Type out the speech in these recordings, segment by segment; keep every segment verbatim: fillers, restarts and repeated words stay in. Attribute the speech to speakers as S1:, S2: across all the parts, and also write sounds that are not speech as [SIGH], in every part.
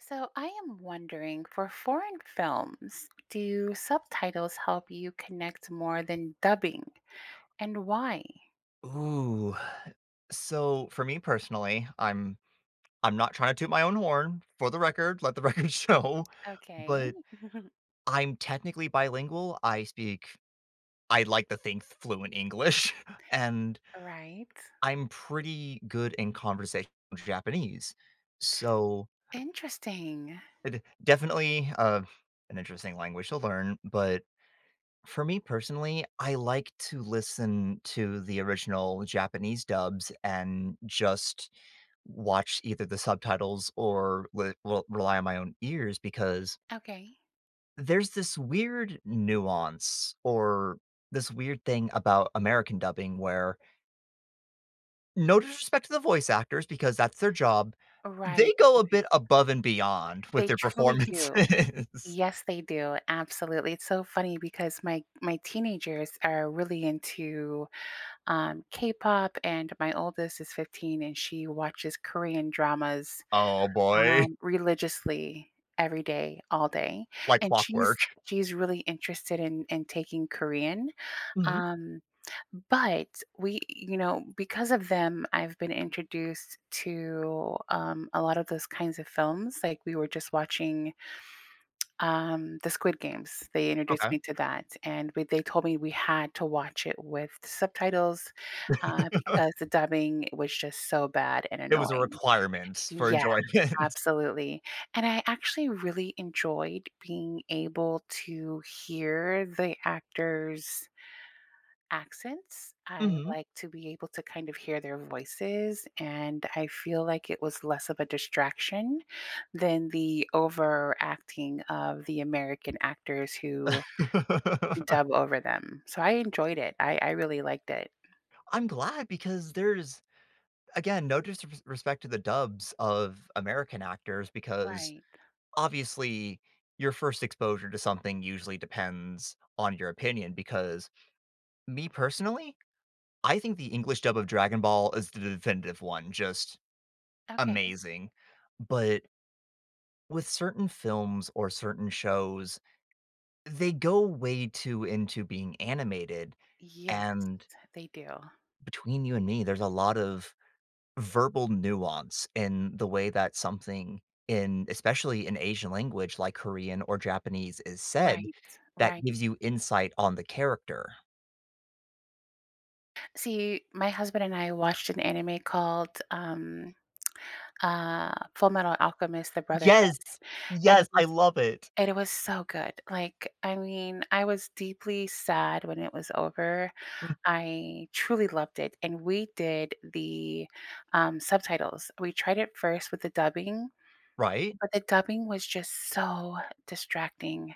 S1: So, I am wondering, for foreign films, do subtitles help you connect more than dubbing, and why?
S2: Ooh, so, for me personally, I'm I'm not trying to toot my own horn, for the record, let the record show,
S1: Okay.
S2: but,
S1: [GIGGLES]
S2: I'm technically bilingual, I speak I like to think fluent English, and
S1: Right.
S2: I'm pretty good in conversational Japanese, so
S1: Interesting.
S2: eh, d definitely, uh, an interesting language to learn, but, for me, personally, I like to listen to the original Japanese dubs and just watch either the subtitles or re r rely on my own ears because
S1: Okay.
S2: there's this weird nuance, or this weird thing about American dubbing where no disrespect to the voice actors because that's their job, they
S1: Right,
S2: go a
S1: right.
S2: bit above and beyond with
S1: They
S2: their
S1: truly do,
S2: performances.
S1: yes they do, absolutely, it's so funny because my my teenagers are really into, um, K-pop, and my oldest is fifteen, and she watches Korean dramas,
S2: Oh boy.
S1: um, religiously, every day, all day.
S2: Like
S1: And
S2: clockwork.
S1: she's
S2: [CHUCKLES]
S1: she's really interested in in taking Korean,
S2: Mhm.
S1: um, but we you know, because of them, I've been introduced to, um, a lot of those kinds of films, like, we were just watching [TSK] um, the Squid Games, they introduced
S2: Okay.
S1: me to that, and we they told me we had to watch it with subtitles, uh, because
S2: [LAUGHS]
S1: the dubbing was just so bad and
S2: It was a
S1: annoying.
S2: requirement for
S1: Yeah,
S2: enjoyment.
S1: absolutely, and I actually really enjoyed being able to hear the actors' accents, I
S2: Mhm.
S1: like to be able to kind of hear their voices, and I feel like it was less of a distraction than the over-acting of the American actors who
S2: [LAUGHS]
S1: dub over them, so I enjoyed it, I I really liked it.
S2: I'm glad because there's again, no disrsr respect to the dubs of American actors because,
S1: Right.
S2: obviously, your first exposure to something usually depends on your opinion, because, me, personally? I think the English dub of Dragon Ball is the definitive one, just
S1: Okay.
S2: amazing, but with certain films or certain shows, they go way too into being animated,
S1: Yes,
S2: and
S1: they do.
S2: between you and me, there's a lot of verbal nuance in the way that something, in especially in Asian language like Korean or Japanese is said,
S1: Right,
S2: that
S1: right.
S2: gives you insight on the character.
S1: See, my husband and I watched an anime called, um, uh, Fullmetal Alchemist: The Brotherhood,
S2: Yes!
S1: and
S2: Yes,
S1: it
S2: I
S1: was
S2: love it.
S1: and it was so good, like, I mean, I was deeply sad when it was over.
S2: Hmm.
S1: I truly loved it, and we did the, um, subtitles. We tried it first with the dubbing,
S2: Right?
S1: but the dubbing was just so distracting.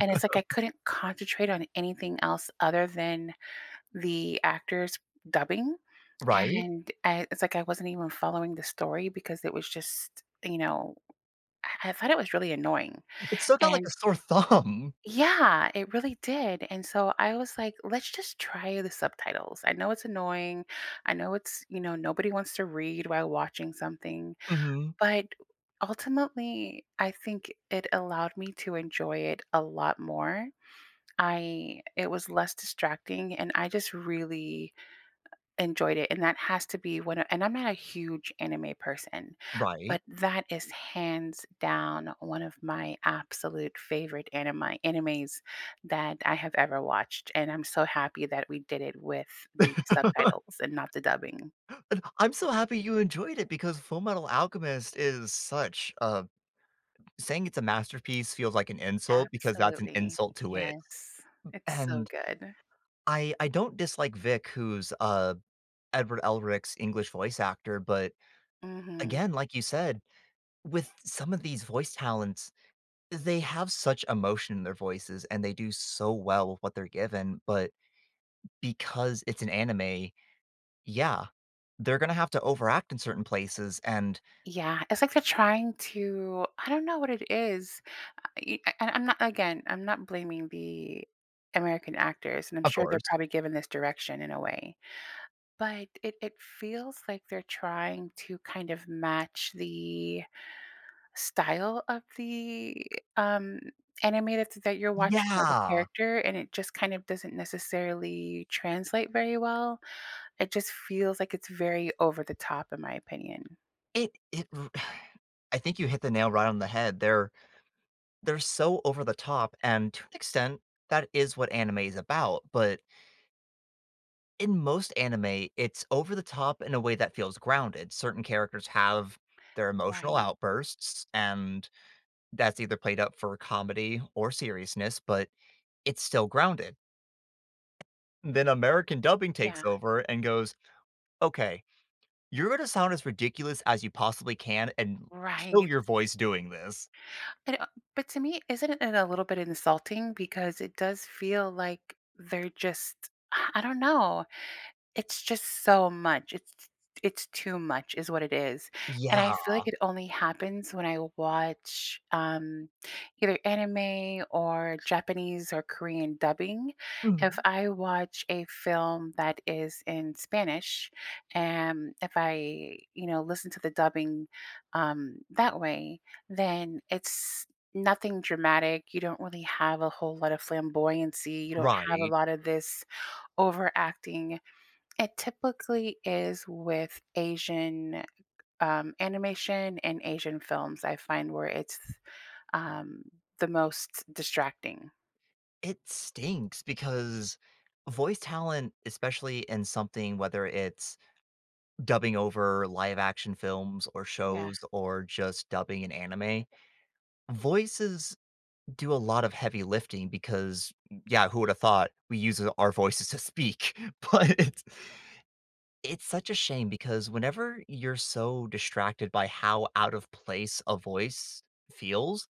S1: And it's like I couldn't concentrate on anything else other than the actors dubbing,
S2: Right?
S1: and, eh it's like I wasn't even following the story because it was just, you know, I I thought it was really annoying,
S2: It stuck out like
S1: and
S2: a sore thumb.
S1: Yeah, it really did. And so I was like, "Let's just try the subtitles. I know it's annoying. I know it's," you know, "nobody wants to read while watching something,"
S2: Mhm.
S1: but, ultimately, I think it allowed me to enjoy it a lot more. I it was less distracting, and I just really enjoyed it. And that has to be what and I'm not a huge anime person, but
S2: Right?
S1: that is hands down one of my absolute favorite animi animes that I have ever watched, and I'm so happy that we did it with the subtitles
S2: [LAUGHS]
S1: and not the dubbing.
S2: [GASPS] And, I'm so happy you enjoyed it because Fullmetal Alchemist is such a saying it's a masterpiece feels like an insult because that's an
S1: Absolutely.
S2: insult to it.
S1: Yes. It's so
S2: And
S1: good.
S2: I I don't dislike Vic who's, uh, Edward Elric's English voice actor, but
S1: Mhm.
S2: again, like you said, with some of these voice talents, they have such emotion in their voices and they do so well with what they're given, but because it's an anime, yeah, they're gonna have to overact in certain places, and
S1: Yeah, it's like they're trying to I don't know what it is. I e uh, I I'm not again, I'm not blaming the American actors, and I'm
S2: Of
S1: sure they're
S2: course.
S1: probably given this direction in a way. But it it feels like they're trying to kind of match the style of the, um, anime that's that you're watching, like a
S2: Yeah!
S1: character, and it just kind of doesn't necessarily translate very well. It just feels like it's very over the top in my opinion.
S2: It it r [SIGHS] I think you hit the nail right on the head there. They're so over the top, and to an extent, that is what anime is about, but in most anime, it's over the top in a way that feels grounded. Certain characters have their emotional
S1: Right.
S2: outbursts, and that's either played up for comedy or seriousness, but it's still grounded. Then American dubbing takes
S1: Yeah.
S2: over and goes, "Okay. You're gonna sound as ridiculous as you possibly can and kill
S1: Right.
S2: your voice doing this."
S1: But, um, but to me, isn't it a little bit insulting, because it does feel like they're just [SIGHS] I don't know. It's just so much. It's it's too much is what it is. And I
S2: Yeah.
S1: feel like it only happens when I watch, um, either anime or Japanese or Korean dubbing. If
S2: Mhm.
S1: I watch a film that is in Spanish, am, if I, you know, listen to the dubbing, um, that way, then it's nothing dramatic. You don't really have a whole lot of flamboyancy. You don't have a
S2: Right.
S1: lot of this overacting It typically is with Asian, um, animation and Asian films, I find where it's, um, the most distracting.
S2: It stinks because voice talent, especially in something, whether it's dubbing over live action films or
S1: Yeah.
S2: shows or just dubbing an anime, voices do a lot of heavy lifting because, yeah, who would have thought we use it our voices to speak? But it's it's such a shame because whenever you're so distracted by how out of place a voice feels,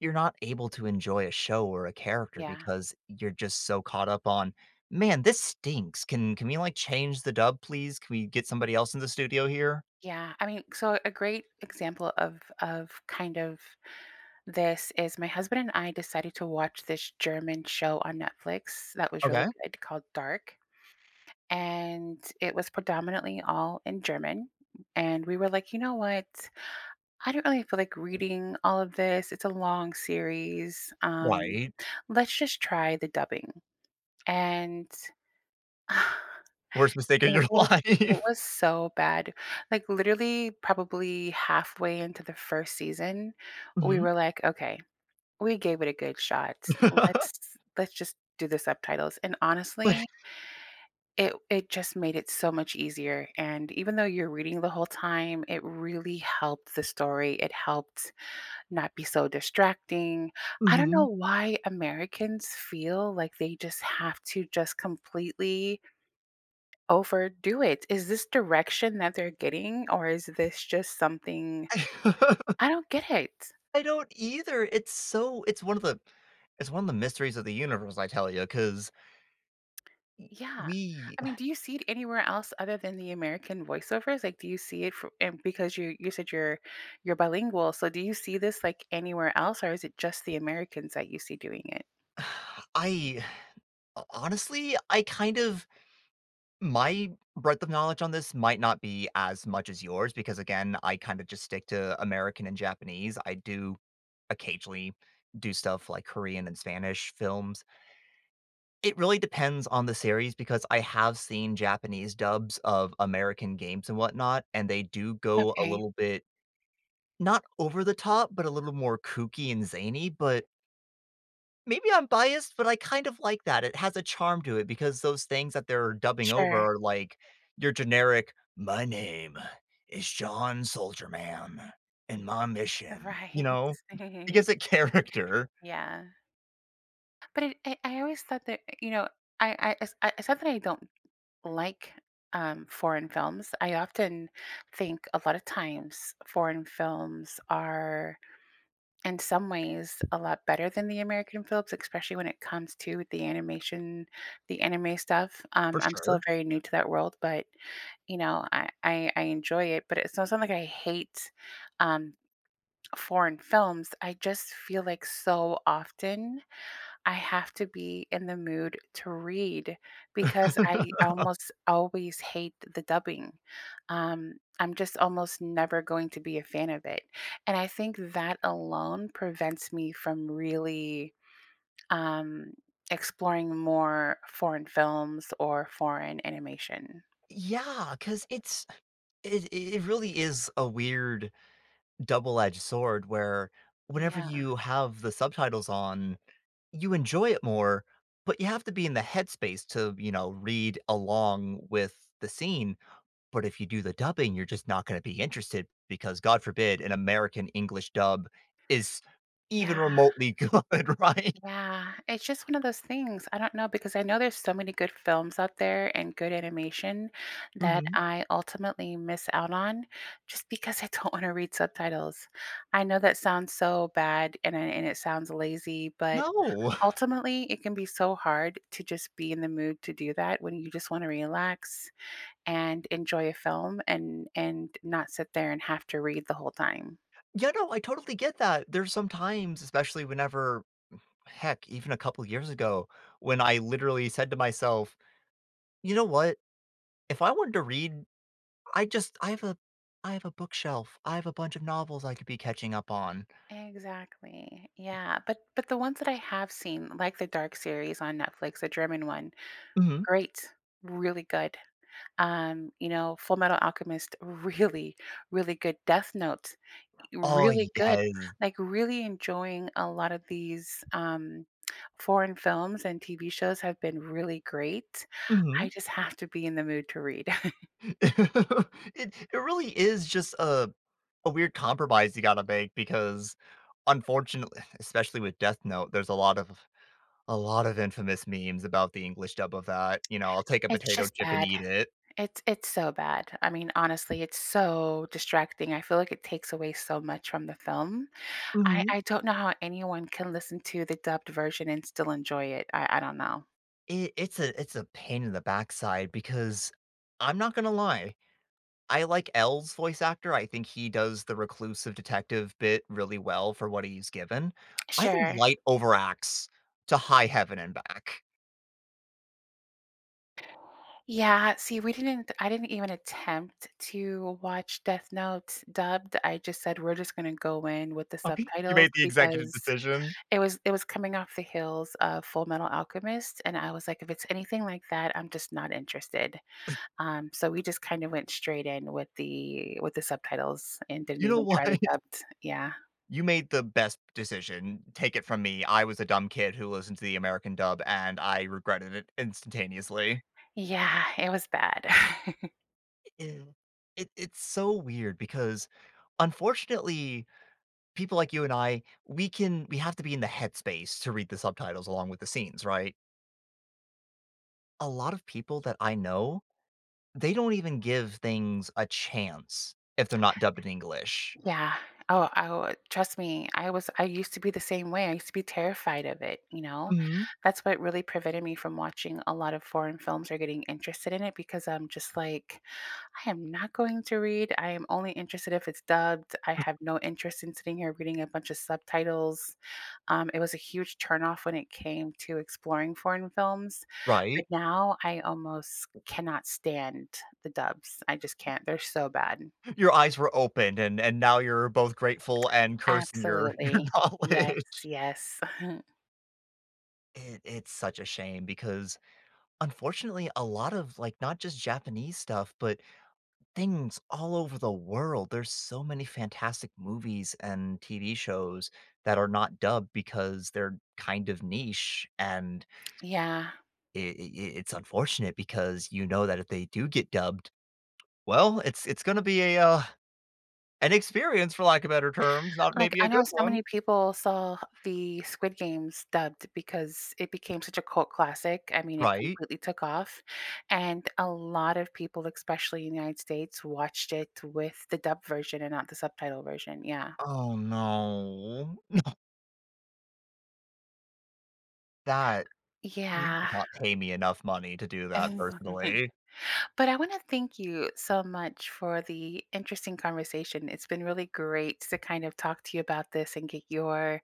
S2: you're not able to enjoy a show or a character
S1: Yeah.
S2: because you're just so caught up on, "Man, this stinks. Can can we, like, change the dub, please? Can we get somebody else in the studio here?"
S1: Yeah. I mean, c so a great example of of kind of this is my husband and I decided to watch this German show on Netflix that was really
S2: Okay.
S1: good called Dark, and it was predominantly all in German, and we were like, "You know what? I don't really feel like reading all of this. It's a long series." Um,
S2: Right.
S1: let's just try the dubbing, and
S2: Worst
S1: [CHUCKLES]
S2: mistake of
S1: it
S2: your
S1: was it
S2: life.
S1: was so bad. Like, literally, probably halfway into the first season, we
S2: Mhm.
S1: were like, "Okay. We gave it a good shot.
S2: [CHUCKLES]
S1: Let's let's just do the subtitles." And,
S2: [CHUCKLES]
S1: honestly it it just made it so much easier, and even though you're reading the whole time, it really helped the story. It helped not be so distracting. I don't know
S2: Mhm.
S1: why Americans feel like they just have to just completely overdo it. Is this direction that they're getting, or is this just something
S2: [LAUGHS]
S1: I don't get it.
S2: I don't either. It's so it's one of the it's one of the mysteries of the universe, I tell ya, 'cause e
S1: Yeah.
S2: we
S1: I mean,
S2: [CHUCKLES]
S1: do you see it anywhere else other than the American voiceovers? Like, do you see it for and because you you said you're you're bilingual. So do you see this, like, anywhere else, or is it just the Americans that you see doing it?
S2: [SIGHS] I [SIGHS] ho honestly, I kind of My breadth of knowledge on this might not be as much as yours because, again, I kind of just stick to American and Japanese. I do occasionally do stuff like Korean and Spanish films. It really depends on the series because I have seen Japanese dubs of American games and whatnot, and they do go a
S1: Okay.
S2: little bit- not over the top- but a little more kooky and zany, but maybe I'm biased, but I kind of like that. It has a charm to it because those things that they're dubbing over
S1: Sure.
S2: are like your generic, "My name is John Soldier Man and my mission" you
S1: Right.
S2: know,
S1: [CHUCKLES]
S2: because of character.
S1: Yeah. But i I I always thought that y you know, I I it's not that I don't like, um, foreign films, I often think a lot of times foreign films are, in some ways, a lot better than the American films, especially when it comes to the animation the anime stuff. Um,
S2: For
S1: I'm still
S2: sure.
S1: very new to that world, but, you know, I I I enjoy it, but it's not like I hate, um, foreign films. I just feel like so often, I have to be in the mood to read because I
S2: [CHUCKLES]
S1: almost always hate the dubbing. Um, I'm just almost never going to be a fan of it, and I think that alone prevents me from really, um, exploring more foreign films or foreign animation.
S2: Yeah. 'Cause it's it i it really is a weird double-edge sword where whenever
S1: Yeah.
S2: you have the subtitles on, you enjoy it more, but you have to be in the headspace to, you know, read along with the scene. But if you do the dubbing, you're just not gonna be interested because, God forbid, an American English dub is even
S1: Yeah.
S2: remotely good, right?
S1: Yeah. It's just one of those things. I don't know because I know there's so many good films out there and good animation that
S2: Mhm.
S1: I ultimately miss out on just because I don't wanna read subtitles. I know that sounds so bad, and it and it sounds lazy, but,
S2: No. [CHUCKLES]
S1: ultimately, it can be so hard to just be in the mood to do that when you just wanna relax and enjoy a film and and not sit there and have to read the whole time.
S2: Yeah, no. I totally get that. There's some times, especially whenever Mm, heck, even a couple years ago, when I literally said to myself, "You know what? If I wanted to read, I just I have a I have a bookshelf. I have a bunch of novels I could be catching up on."
S1: Exactly. Yeah. But but the ones that I have seen, like the Dark series on Netflix, the German one,
S2: Mhm.
S1: great, really good. Um, you know, Fullmetal Alchemist, really, really good. Death Note, eh,
S2: Oh,
S1: really good.
S2: yes.
S1: Like, really enjoying a lot of these, um, foreign films and TV shows have been really great. I
S2: Mhm.
S1: just have to be in the mood to read. [CHUCKLES]
S2: [CHUCKLES] It it really is just a a weird compromise you gotta make because, unfortunate eh, especially with Death Note, there's a lot of a lot of infamous memes about the English dub of that. You know, I'll take a
S1: It's
S2: potato
S1: just
S2: chip and
S1: bad.
S2: eat it.
S1: It's it's so bad. I mean, honestly, it's so distracting. I feel like it takes away so much from the film. I
S2: Mhm.
S1: I don't know how anyone can listen to the dubbed version and still enjoy it. I I don't know.
S2: I it's a it's a pain in the backside because I'm not gonna lie, I like L's voice actor, I think he does the reclusive detective bit really well for what he's given. I think
S1: Sure.
S2: Light overacts to high heaven and back.
S1: Yeah, see, we didn't I didn't even attempt to watch Death Note dubbed. I just said we're just gonna go in with the
S2: Okay. You
S1: subtitles
S2: made the executive
S1: because
S2: decision?
S1: it was it was coming off the heels of Fullmetal Alchemist, and I was like, "If it's anything like that, I'm just not interested,"
S2: [SCOFFS]
S1: um, so we just kinda went straight in with the with the subtitles and didn't
S2: You know
S1: even
S2: what?
S1: try the dubbed. Yeah.
S2: You made the best decision. Take it from me, I was a dumb kid who listened to the American dub, and I regretted it instantaneously.
S1: Yeah, it was bad. [CHUCKLES]
S2: E ew. It it's so weird because, unfortunately, people like you and I, we can we have to be in the headspace to read the subtitles along with the scenes, right? A lot of people that I know, they don't even give things a chance if they're not dubbed in English.
S1: Yeah, oh, I oh, trust me, I was I used to be the same way, I used to be terrified of it, you know?
S2: Mhm.
S1: That’s what really prevented me from watching a lot of foreign films or getting interested in it because I’m just like, "I am not going to read, I am only interested if it’s dubbed, I have no interest in sitting here reading a bunch of subtitles," um, it was a huge turn off when it came to exploring foreign films, but
S2: Right.
S1: now I almost cannot stand the dubs, I just can’t, they’re so bad.
S2: Your eyes were opened, and and now you’re both grateful and cursing your your
S1: Absolutely, yes,
S2: knowledge.
S1: yes. [CHUCKLES]
S2: It it’s such a shame because, unfortunately, a lot of, like, not just Japanese stuff, but things all over the world, there's so many fantastic movies and TV shows that are not dubbed because they’re kind of niche, and
S1: Yeah.
S2: i i i it’s unfortunate because, you know, that if they do get dubbed, well, it’s it’s gonna be a, uh, an experience for lack of better terms, not
S1: Like,
S2: maybe a
S1: I know
S2: good
S1: so
S2: one.
S1: many people saw the Squid Games dubbed because it became such a cult classic, I mean, it
S2: Right.
S1: completely took off, and a lot of people, especially in the United States, watched it with the dub version and not the subtitle version, yeah.
S2: Oh, no. No. That you
S1: Yeah.
S2: cannot pay me enough money to do that,
S1: [CHUCKLES]
S2: personally.
S1: But I wanna thank you so much for the interesting conversation, it’s been really great to kind of talk to you about this and get your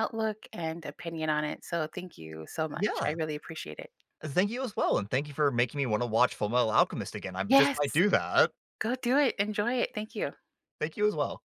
S1: outlook and opinion on it, so, thank you so much, I
S2: Yeah.
S1: really appreciate it.
S2: Thank you as well and thank you for making me wanna watch Fullmetal Alchemist again, I just might
S1: Yes.
S2: do that.
S1: Go do it, enjoy it, thank you.
S2: Thank you as well.